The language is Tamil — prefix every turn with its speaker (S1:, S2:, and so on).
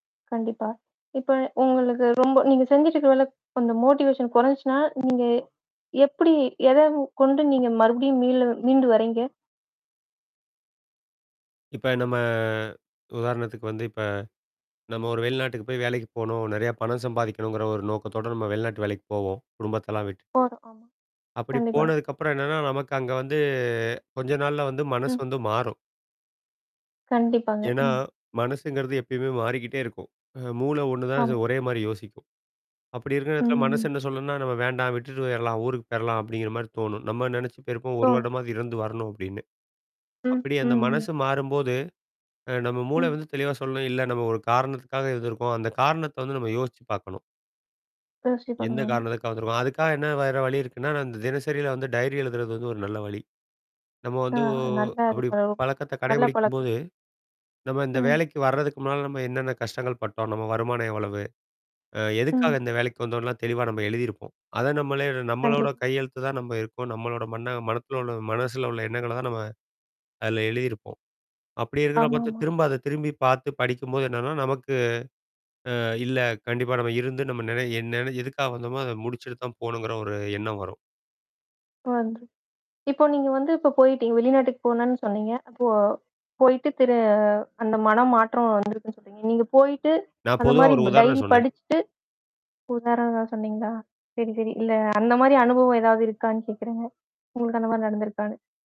S1: கண்டிப்பா. இப்ப உங்களுக்கு, ரொம்ப நீங்க செஞ்சுட்டு இருக்கிற வேலை ப் அந்த மோட்டிவேஷன் கொறஞ்சுச்சுனா, நீங்க எப்படி? எதை கொண்டு, நீங்க மறுபடியும் மீளு மீண்டு வர்றீங்க?
S2: இப்ப நம்ம, உதாரணத்துக்கு வந்து இப்ப, நம்ம ஒரு வெளிநாட்டுக்கு போய் வேலைக்கு போணும். நிறையா பணம் சம்பாதிக்கணுங்கிற ஒரு நோக்கத்தோட, நம்ம வெளிநாட்டு வேலைக்கு போவோம். குடும்பத்தெல்லாம் விட்டுட்டு.
S1: போதும். [unintelligible]
S2: அப்படி
S1: கண்டிப்பா.
S2: போனதுக்கு அப்புறம் என்னன்னா, நமக்கு அங்க வந்து, கொஞ்ச நாள்ல வந்து, மனசு
S1: ம்.
S2: வந்து மாறும்.
S1: கண்டிப்பாங்க.
S2: ஏன்னா,
S1: ம்.
S2: மனசுங்கிறது எப்பயுமே மாறிக்கிட்டே இருக்கும். அ மூள ஒண்ணுதான்,
S1: ஆமாங்.
S2: ஒரே மாரி யோசிக்கும். அப்படி இருக்கிற இடத்துல, மனசு
S1: ம்.
S2: என்ன சொல்லுனா, நம்ம வேண்டாம் விட்டுட்டு போயிரலாம். ஊருக்கு போயிரலாம். அப்படிங்கிற மாரி தோணும். நம்ம நெனச்சு போயிருப்போம். 1
S1: தோணும்.
S2: வருடமாவது இருந்து வரணும், அப்படின்னு.
S1: ம்,
S2: அப்படி
S1: ம்,
S2: அந்த மனசு
S1: ம்.
S2: மாறும்போது, அ நம்ம மூள
S1: ம்.
S2: வந்து தெளிவா சொல்லும், இல்ல நம்ம ஒரு காரணத்துக்காக இருந்துருக்கோம். அந்த காரணத்தை வந்து, நம்ம யோசிச்சு பாக்கணும்.
S1: யோசிச்சே
S2: என்ன
S1: பண்ணலாமா?
S2: காரணத்துக்காக வந்துருக்க அதுக்காக என்ன வேற வழி இருக்குனா, நான் தினசரில வந்து டைரி எழுதுறது வந்து, ஒரு நல்ல வழி. நம்ம
S1: ஆ,
S2: வந்து ஒ
S1: நல்ல அது,
S2: அப்படி
S1: ப
S2: பழக்கத்தை
S1: நல்ல
S2: கடைபிடிக்கும்போது,
S1: பழக்கம்ங்க.
S2: நம்ம இந்த
S1: ம்.
S2: வேலைக்கு வர்றதுக்கு முன்னால, நம்ம என்னன்ன கஷ்டங்கள் பட்டோம்? நம்ம வருமானம் எவ்வளவு? அ எதுக்காக
S1: ம்.
S2: இந்த வேலைக்கு வந்தோன்லாம் தெளிவா நம்ம எழுதியிருப்போம். அதை நம்மளே நம்மளோட
S1: கண்டிப்.
S2: கையெழுத்து தான் நம்ம இருக்கோம். நம்மளோட மண்ண மனத்துல உள்ள மனசுல உள்ள எண்ணங்கள தான் நம்ம, அதில எழுதியிருப்போம். அப்படி இருக்கிறத பாத்து
S1: ஆமாமா.
S2: திரும்ப அத திரும்பி பாத்து படிக்கும்போது என்னன்னா, நமக்கு ஆ, இல்ல. கண்டிப்பா நம்ம இருந்து நம்ம நென என் நென எதுக்காக வந்தோமோ, அத முடிச்சிட்டு தான் போணுங்கிற, ஒரு எண்ணம் வரும்.
S1: இப்ப வந்து இப்ப நீங்க வந்து, இப்ப போயிட்டீங்க. வெளிநாட்டுக்கு போனனு சொன்னீங்க. அப்போ போயிட்டு திரு அந்த மனம் மாற்றம் வந்திருக்குன்னு சொன்னீங்க. நீங்க போயிட்டு,
S2: நான்
S1: அந்த
S2: பொதுவா,
S1: மாரி
S2: ஒரு
S1: ப் டைரி
S2: உதாரணம் சொன்னேன்.
S1: படிச்சுட்டு உதாரணந்தான் சொன்னங்களா? சரி, சரி. இல்ல அந்த மாரி அனுபவம் ஏதாவது இருக்கான்னு கேட்கிறேங்க? உங்களுக்கு அந்த மாரி நடந்துருக்கான்னு.